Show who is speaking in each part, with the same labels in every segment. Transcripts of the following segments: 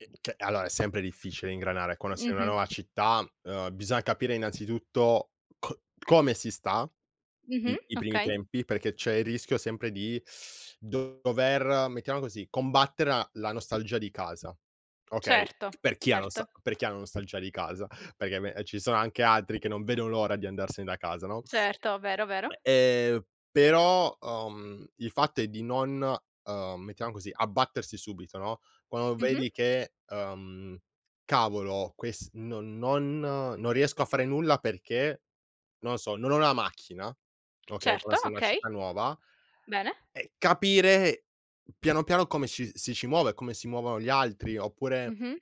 Speaker 1: Eh, che allora, è sempre difficile ingranare quando sei in una
Speaker 2: Mh-mh.
Speaker 1: nuova città, ehm, bisogna capire, innanzitutto, co come si sta
Speaker 2: Mh-mh.
Speaker 1: i i primi
Speaker 2: Okay.
Speaker 1: tempi perché c'è il rischio, sempre, di dover, mettiamo così, combattere la la nostalgia di casa, okay?
Speaker 2: Certo,
Speaker 1: Per chi ha la
Speaker 2: certo.
Speaker 1: nosta per chi ha la nostalgia di casa, perché me ci sono anche altri che non vedono l'ora di andarsene da casa, no?
Speaker 2: Certo, vero, vero.
Speaker 1: Ehm, però, uhm, il fatto è di non, ehm, mettiamo così, abbattersi subito, no, quando
Speaker 2: Mh-mh.
Speaker 1: vedi che, ehm: "Cavolo, ques non non non riesco a fare nulla perché, non so, non ho la macchina", okay,
Speaker 2: Certo,
Speaker 1: quando sei in una
Speaker 2: okay.
Speaker 1: città nuova.
Speaker 2: Bene.
Speaker 1: Eh, capire piano, piano come ci si ci muove, come si muovono gli altri, oppure,
Speaker 2: Mh-mh.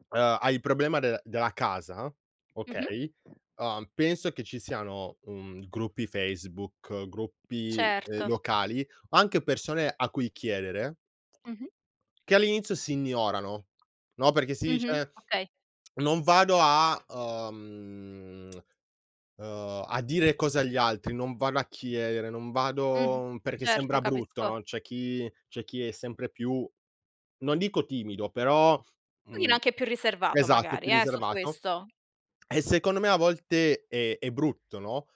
Speaker 1: ehm, hai il problema del della casa,
Speaker 2: Mh-mh.
Speaker 1: okay? Ehm, penso che ci siano, mhmm, gruppi Facebook, gruppi, ehm,
Speaker 2: Certo.
Speaker 1: locali, o anche persone a cui chiedere
Speaker 2: Mh-mh.
Speaker 1: che all'inizio si ignorano, no, perché si
Speaker 2: Mh-mh.
Speaker 1: dice:
Speaker 2: Okay.
Speaker 1: "Non vado a, ehm, ehm, a dire cose agli altri, non vado a chiedere, non
Speaker 2: Mh-mh.
Speaker 1: vado perché
Speaker 2: Certo,
Speaker 1: sembra brutto"
Speaker 2: capisco.
Speaker 1: no, c'è chi c'è chi è sempre più, non dico timido, però,
Speaker 2: Pochino
Speaker 1: mhmm
Speaker 2: anche più riservato,
Speaker 1: esatto,
Speaker 2: magari,
Speaker 1: più
Speaker 2: eh, su
Speaker 1: riservato.
Speaker 2: questo.
Speaker 1: E, secondo me, a volte è è brutto, no,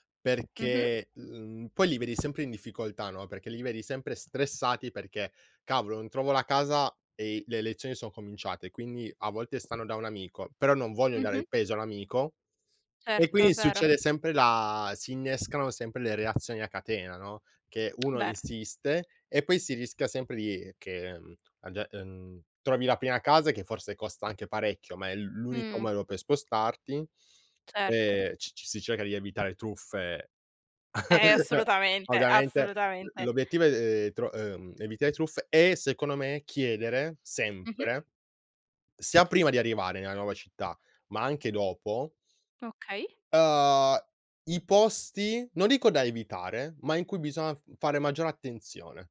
Speaker 2: Mh-mh.
Speaker 1: perché, mhmm, poi li vedi sempre in difficoltà, no, perché li vedi sempre stressati, perché: "Cavolo, non trovo la casa e le lezioni son cominciate". Quindi, a volte, stanno da un amico, però non vogliono dare
Speaker 2: Mh-mh.
Speaker 1: il peso all'amico e
Speaker 2: Certo, è
Speaker 1: quindi
Speaker 2: vero.
Speaker 1: succede sempre la si innescano sempre le reazioni a catena, no, che uno
Speaker 2: Vero.
Speaker 1: insiste e poi si rischia sempre di che, mhmm, a ge mhmm, trovi la prima casa che, forse, costa anche parecchio, ma è l l'unico
Speaker 2: Mh.
Speaker 1: modo per spostarti.
Speaker 2: Certo.
Speaker 1: Ehm c c si cerca di evitare truffe,
Speaker 2: Eh, assolutamente.
Speaker 1: ovviamente.
Speaker 2: Assolutamente.
Speaker 1: L'obiettivo è tro ehm, evitare truffe e, secondo me, chiedere
Speaker 2: Mh-mh.
Speaker 1: sempre, sia prima di arrivare nella nuova città, ma anche dopo
Speaker 2: Okay.
Speaker 1: ehm, i posti, non dico da evitare, ma in cui biso fare maggiore attenzione.